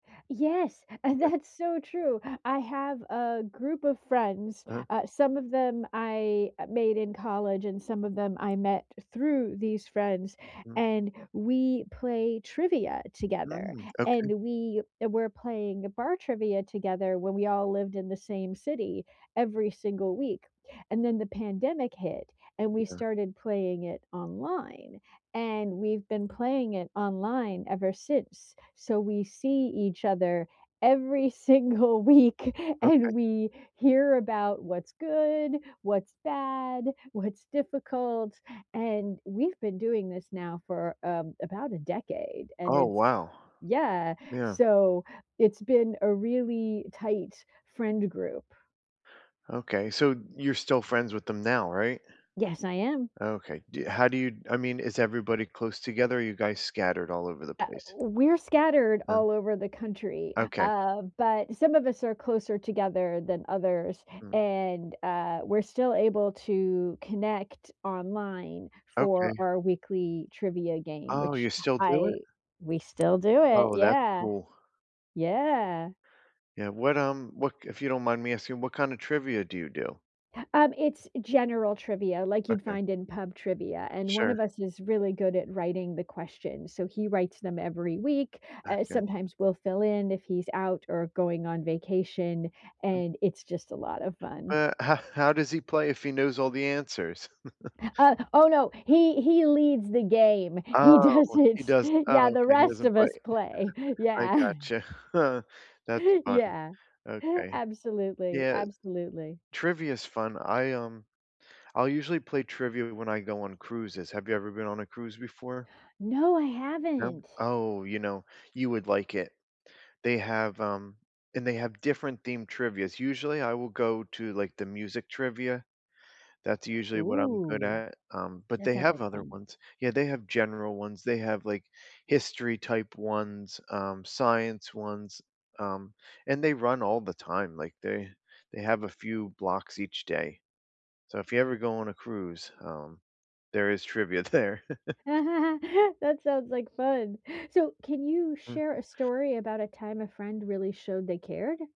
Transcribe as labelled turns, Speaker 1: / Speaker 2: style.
Speaker 1: Yes, and
Speaker 2: Okay.
Speaker 1: that's so true, I have a group of friends,
Speaker 2: Uh-huh.
Speaker 1: uh, some of them I made in college, and some of them I met through these friends,
Speaker 2: Mm.
Speaker 1: and we play trivia together,
Speaker 2: Mm, okay.
Speaker 1: and we were playing the bar trivia together when we all lived in the same city, every single week. And then the pandemic hit, and we
Speaker 2: Yeah.
Speaker 1: started playing it online, and we've been playing it online ever since. So, we see each other every single week
Speaker 2: Okay.
Speaker 1: and we hear about what's good, what's bad, what's difficult, and we've been doing this now for, um, about a decade, and
Speaker 2: Oh,
Speaker 1: it's
Speaker 2: wow.
Speaker 1: yeah,
Speaker 2: Yeah.
Speaker 1: so it's been a really tight friend group.
Speaker 2: Okay, so you're still friends with them now, right?
Speaker 1: Yes, I am.
Speaker 2: Okay, do you how do you I mean, is everybody close together, or are you guys scattered all over the
Speaker 1: Uh,
Speaker 2: place?
Speaker 1: we're scattered
Speaker 2: None
Speaker 1: all over the country,
Speaker 2: Okay.
Speaker 1: um, but some of us are closer together than others,
Speaker 2: Mm.
Speaker 1: and, uh, we're still able to connect online for
Speaker 2: Okay.
Speaker 1: our weekly trivia game,
Speaker 2: Oh,
Speaker 1: which
Speaker 2: you still do it?
Speaker 1: I we still do it,
Speaker 2: Oh, that's
Speaker 1: yeah.
Speaker 2: cool.
Speaker 1: Yeah.
Speaker 2: Yeah, what, um what k if you don't mind me asking, what kinda trivia do you do?
Speaker 1: Um, it's general trivia like you'd
Speaker 2: Okay.
Speaker 1: find in pub trivia, and one
Speaker 2: Sure.
Speaker 1: of us is really good at writing the questions, so he writes them every week. Uh,
Speaker 2: Okay.
Speaker 1: sometimes we'll fill in if he's out or going on vacation,
Speaker 2: Mhm.
Speaker 1: and it's just a lot of fun.
Speaker 2: But, how does he play if he knows all the answers?
Speaker 1: Uh, oh, no, he he leads the game. He does
Speaker 2: Oh, he
Speaker 1: it,
Speaker 2: does oh,
Speaker 1: yeah. The
Speaker 2: okay, he
Speaker 1: rest
Speaker 2: doesn't
Speaker 1: of
Speaker 2: play.
Speaker 1: us play.
Speaker 2: I
Speaker 1: Yeah.
Speaker 2: gotcha. That's fun,
Speaker 1: Yeah,
Speaker 2: okay.
Speaker 1: absolutely,
Speaker 2: Yeah.
Speaker 1: absolutely.
Speaker 2: Trivia's fun. I, um I'll usually play trivia when I go on cruises, have you ever been on a cruise before?
Speaker 1: No, I
Speaker 2: No?
Speaker 1: haven't.
Speaker 2: Oh, you know, you would like it. They have, um and they have different themed trivias. Usually, I will go to, like, the music trivia. That's usually what I'm good
Speaker 1: Ooh,
Speaker 2: at, um, but
Speaker 1: that
Speaker 2: they
Speaker 1: sounds like
Speaker 2: have other
Speaker 1: fun.
Speaker 2: ones. Yeah, they have general ones, they have, like, history type ones, um, science ones, um, and they run all the time, like, they they have a few blocks each day. So, if you ever go on a cruise, um, there is trivia there.
Speaker 1: That sounds like fun. So, can you
Speaker 2: Mm.
Speaker 1: share a story about a time a friend really showed they cared?